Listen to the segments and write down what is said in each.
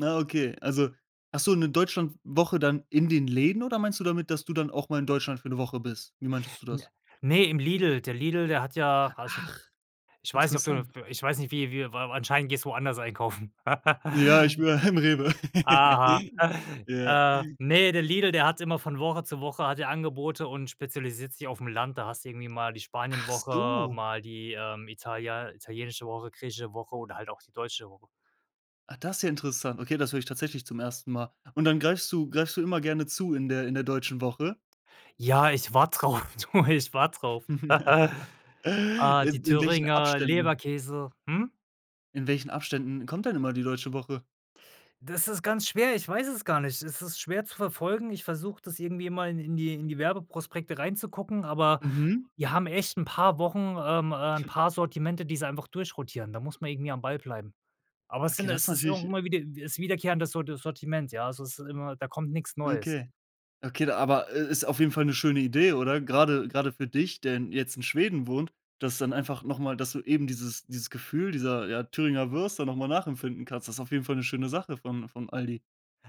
Ah, okay. Also, hast du 'ne Deutschlandwoche dann in den Läden oder meinst du damit, dass du dann auch mal in Deutschland für 'ne Woche bist? Wie meintest du das? Ne, im Lidl. Der Lidl, der hat ja also Ach, ich weiß nicht, ob du das interessant. ich weiß nicht, wie wir wa anscheinend gehst du woanders einkaufen. Ja, ich wür ähm, Rewe. Aha. Ja. Äh, ne, der Lidl, der hat immer von Woche zu Woche hat er Angebote und spezialisiert sich aufm Land. Da hast du irgendwie mal die Ach Spanienwoche, so. mal die, ähm, italian italienische Woche, griechische Woche oder halt auch die deutsche Woche. Ah, das ja interessant. Okay, das höre ich tatsächlich zum 1. Mal. Und dann greifst du greifst du immer gerne zu in der in der deutschen Woche? Ja, ich warte darauf, du, ich warte darauf. Äh, die In in welchen Thüringer Abständen? Leberkäse. Hm? In welchen Abständen kommt denn immer die deutsche Woche? Das ist ganz schwer ich weiß es gar nicht. Es ist schwer zu verfolgen. Ich versuche das irgendwie immer in in die in die Werbeprospekte reinzugucken, aber Mhm. wir haben echt 'n paar Wochen ähm, äh, 'n paar Sortimente, die sie einfach durchrotieren. Da muss man irgendwie am Ball bleiben. Aber es Okay, sind das es ist natürlich irgendwie immer mal wieder ist wiederkehrendes Sorti Sortiment, ja? Also es ist immer, da kommt nix Neues. Okay. Okay, aber, äh, ist auf jeden Fall 'ne schöne Idee, oder? Grade grade für dich, der in jetzt in Schweden wohnt, dass dann einfach noch mal dass du eben dieses dieses Gefühl dieser, ja, Thüringer Würste noch mal nachempfinden kannst. Das auf jeden Fall 'ne schöne Sache von von Aldi.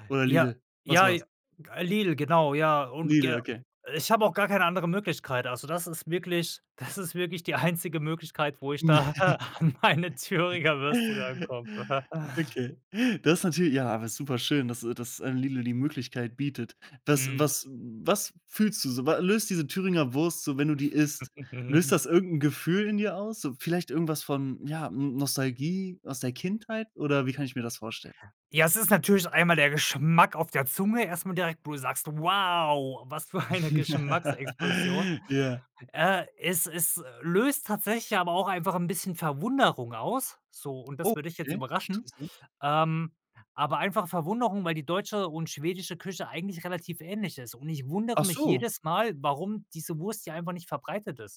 Oder Ja, Lidl? Was ja j war's? äh, Lidl, genau, ja, und Lidl, ge okay. ich habe auch gar keine andere Möglichkeit. Also, das ist wirklich das ist wirklich die einzige Möglichkeit, wo ich da an meine Thüringer Würste rankomme. Okay. Das natürlich ja, aber ist super schön, dass äh, dass ein Lidl die Möglichkeit bietet. Was Mhm. was was fühlst du so? Wa löst diese Thüringer Wurst so, wenn du die isst? Löst das irgend 'n Gefühl in dir aus? So vielleicht irgendwas von, ja, ähm, Nostalgie aus der Kindheit, oder wie kann ich mir das vorstellen? Ja, es ist natürlich einmal der Geschmack auf der Zunge erst mal direkt, wo du sagst: „Wow, was für eine Geschmacksexplosion.“ Ja. Äh, es es, äh, löst tatsächlich aber auch einfach 'n bisschen Verwunderung aus, so, und das wird dich jetzt Okay, überraschen. interessant. Ähm, aber einfach Verwunderung, weil die deutsche und schwedische Küche eigentlich relativ ähnlich ist. Und ich wundere Ach mich so. jedes Mal, warum diese Wurst hier einfach nicht verbreitet ist.